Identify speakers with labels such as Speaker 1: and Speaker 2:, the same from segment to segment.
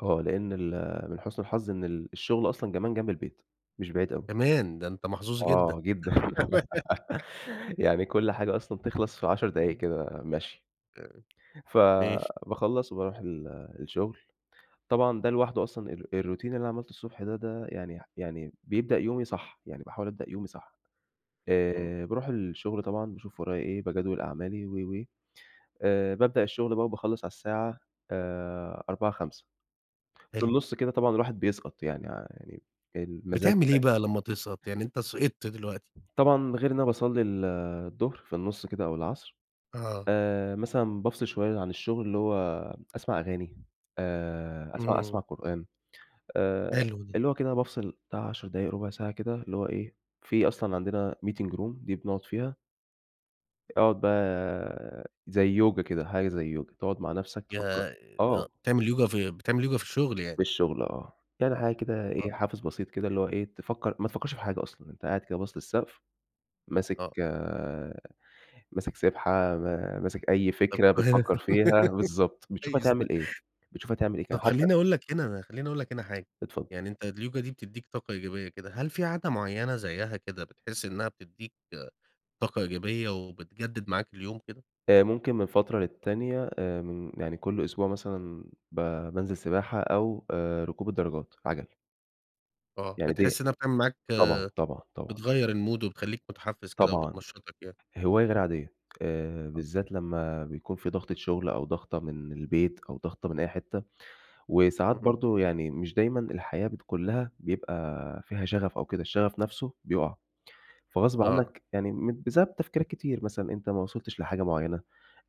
Speaker 1: آه، لإن ال من حُسْن الحظ إن ال الشُغل أصلًا كمان جنب البيت، مش بعيد أوي.
Speaker 2: كمان! ده أنت محظوظ جدًا.
Speaker 1: آه جدًا. يعني كل حاجة أصلًا تخلَص في 10 دقايق
Speaker 2: إمم.
Speaker 1: كدا مَشْي.
Speaker 2: ماشي.
Speaker 1: فباخلّص وباروح ال الشُغل. طبعًا دا لوحده أصلًا ال الroutine اللي عملته الصبح ده ده يعني ح يعني بيبدأ يومي صح، يعني باحاول أبدأ يومي صح.
Speaker 2: إمم.
Speaker 1: آآ باروح الشُغل طبعًا باشوف ورايا إيه، باجَدوِل أعمالي و، و. آآ بابدأ الشُغل بقى وباخلّص على الساعة آآ 16:00، 17:00، في
Speaker 2: حلو.
Speaker 1: النُص كدا طبعًا الواحد بيسقَط، يعني ع يعني المزاج
Speaker 2: بتعمل إيه
Speaker 1: كده
Speaker 2: بقى لمّا تسقَط؟ يعني أنت سِقِطت دلوقتي.
Speaker 1: طبعًا غير إن أنا باصلّي ال الضُهر في النُص كدا أو العصر،
Speaker 2: آه.
Speaker 1: آآ مثلًا بافصِل شوية عن الشُغل اللي هو أسمع أغاني، آآ أسمع أسمع
Speaker 2: إمم.
Speaker 1: قرآن. آآ
Speaker 2: حلو ده.
Speaker 1: اللي هو كده بافصِل بتاع 10 دقايق، رُبع ساعة كده اللي هو إيه، في أصلًا عندنا meeting room دي بنقعُد فيها أقعُد بقى زي يوجا كده، حاجة زي يوجا، تقعُد مع نفَسْك تفكّر
Speaker 2: يا آآ
Speaker 1: آه.
Speaker 2: بتعمل يوجا في بتعمل يوجا في الشُغل
Speaker 1: في
Speaker 2: يعني.
Speaker 1: الشُغل، آه. يعني حاجة كدا إيه،
Speaker 2: آه.
Speaker 1: حافِز بسيط كدا اللي هو إيه، تفكّر ما تفكّرش في حاجة أصلًا، أنت قاعد كده باصِص للسَقف، ماسِك
Speaker 2: آه.
Speaker 1: ماسِك سِبْحة، م ماسك أي
Speaker 2: طَب
Speaker 1: فكرة بتفكّر فيها، بالضبط. بتشوف
Speaker 2: كويس
Speaker 1: هتعمل
Speaker 2: ده.
Speaker 1: إيه، بتشوف هتعمل إيه، ك
Speaker 2: طَب
Speaker 1: حتى
Speaker 2: خلّيني أقول لك هنا، خلّيني أقول لك هنا حاجة.
Speaker 1: اتفضّل.
Speaker 2: يعني أنت اليوجا دي بتدّيك طاقة إيجابية كده، هل فيه عادة معيّنة زيّها كده بتحِس إنّها بتدّيك طاقة إيجابية وبتجدِّد معاك اليوم كده؟
Speaker 1: آآ، ممكن من فترة للتانية آآ من يعني كل أسبوع مثلًا ب بانزل سِباحة أو آآ، ركوب الدراجات، عَجَل.
Speaker 2: آه،
Speaker 1: يعني دي
Speaker 2: بتحِس إنّها بتعمل معاك
Speaker 1: طبعًا، طبعًا، طبعًا.
Speaker 2: بتغيّر الmood وبتخلّيك مُتحفِّز كده
Speaker 1: طبعًا.
Speaker 2: وبتنشّطك يعني.
Speaker 1: هواية غير عادية. آآ
Speaker 2: أ
Speaker 1: بالذات لمّا بيكون فيه ضغطة شُغل أو ضغطة من البيت أو ضغطة من أي حتّة. وساعات
Speaker 2: إمم.
Speaker 1: برضه يعني مش دايمًا الحياة بتكون لها بيبقى فيها شَغَف أو كدا، الشَغَف نَفْسه بيُقَع. فغصب
Speaker 2: آه.
Speaker 1: عنّك يعني م بسبب تفكيرات كتير. مثلًا أنت ما وصلتش لحاجة معيّنة،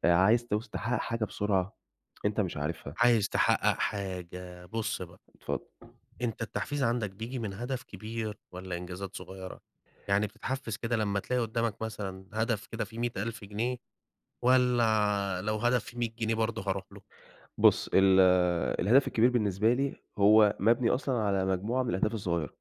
Speaker 1: آآ عايز توص تحقَّق حاجة بسرعة أنت مش عارفها.
Speaker 2: عايز تحقَّق حاجة، بُص بقى.
Speaker 1: اتفض
Speaker 2: أنت التحفيز عندك بييجي من هدف كبير والّا إنجازات صغيرة؟ يعني بتتحفِّز كده لمّا تلاقي قُدّامك مثلًا هدف كده فيه 100.000 جنيه، والّا لو هدف فيه 100 جنيه برضه هاروح له؟
Speaker 1: بُص، ال الهدف الكبير بالنسبة لي هو مَبني أصلًا على مجموعة من الأهداف الصغيرة.